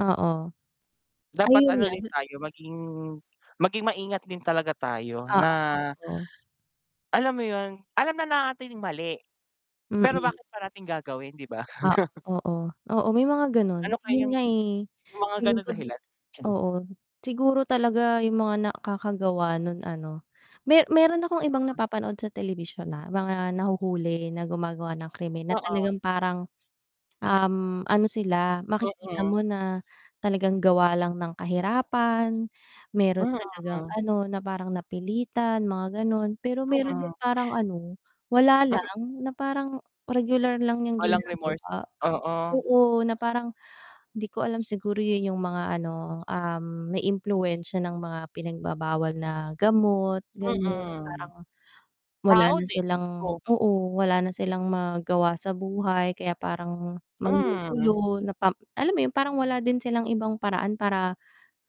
Oo. Dapat Ayun ano nga din tayo, maging maging maingat din talaga tayo Oo. na totoo. alam mo yun, alam na nating mali. Pero Mm. bakit parating gagawin 'di ba? Ah, oo, oo, may mga ganun, Ano 'yun kayang nga eh, yung mga tingin ganung ko d dahilan. oo siguro talaga yung mga nakakagawa nu'n ano, me meron akong ibang [unintelligible] napapanood sa telebisyon na mga nahuhuli na gumagawa ng krimen na Oo. talagang parang, um, ano sila, makikita Mm. mo na, talagang gawa lang ng kahirapan. Meron talagang Mhm. ano na parang napilitan, mga ganun, pero meron din Mm. parang ano, wala M lang, na parang, regular lang yung Walang remorse? ginagawa, Oo. oo na parang di ko alam siguro yun yung mga ano, um, may impluwensiya ng mga pinagbabawal na gamot ganon Mm. parang, wala Tao na din, silang mismo. oo wala na silang magawa sa buhay kaya parang Mm. manggugulo na parang alam mo yun parang wala din silang ibang paraan para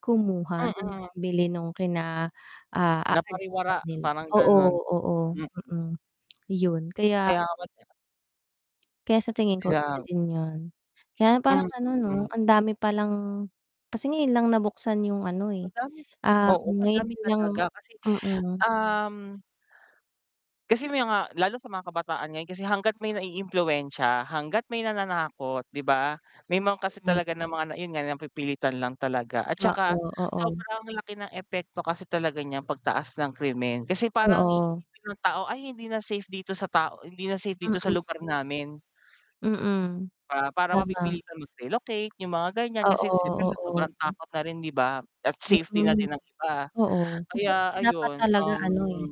kumuha ng Mm. pambili nung kina Napariwara aadikan nila parang oo, ganun, oo, hmm. mm, yun kaya Kaya nga kaya sa tingin ko isa [unintelligible] din yun. Kaya lang parang ano 'no, Mm. ang dami palang kasi ngayon lang nabuksan yung ano eh, Madami ah, oo, ngayon madami lang talaga kasi, mm. um kasi may mga lalo sa mga kabataan ngayon kasi hangga't may naiimpluwensya, hangga't may nananakot 'di ba? May mga kasi Mhm. talaga ng mga na yun nga napipilitan lang talaga at 'tsaka, Oo, oo. sobrang laki ng epekto kasi talaga niyang pagtaas ng krimen kasi parang Oo. iisipin ng tao ay hindi na safe dito sa tao hindi na safe dito sa Mm. lugar namin Mm. para para Tama. mapipilitan mag-relocate yung mga ganyan kasi Oo, siyempre sa oo, sobrang takot na rin 'di ba? At safety na Hmm. din ng iba, Oo, kasi kaya nga dapat ayun, talaga um ano eh,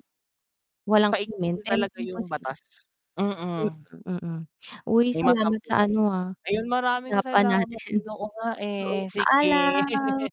walang krimen, paigtingin na pero talaga yung imposible batas. Mm. hmm, mm, uy, May salamat sa ma-sample-an di ano, ba, ah, ayun maraming usapan salamat, natin. uy, oo nga Oo, eh, sige. paalam.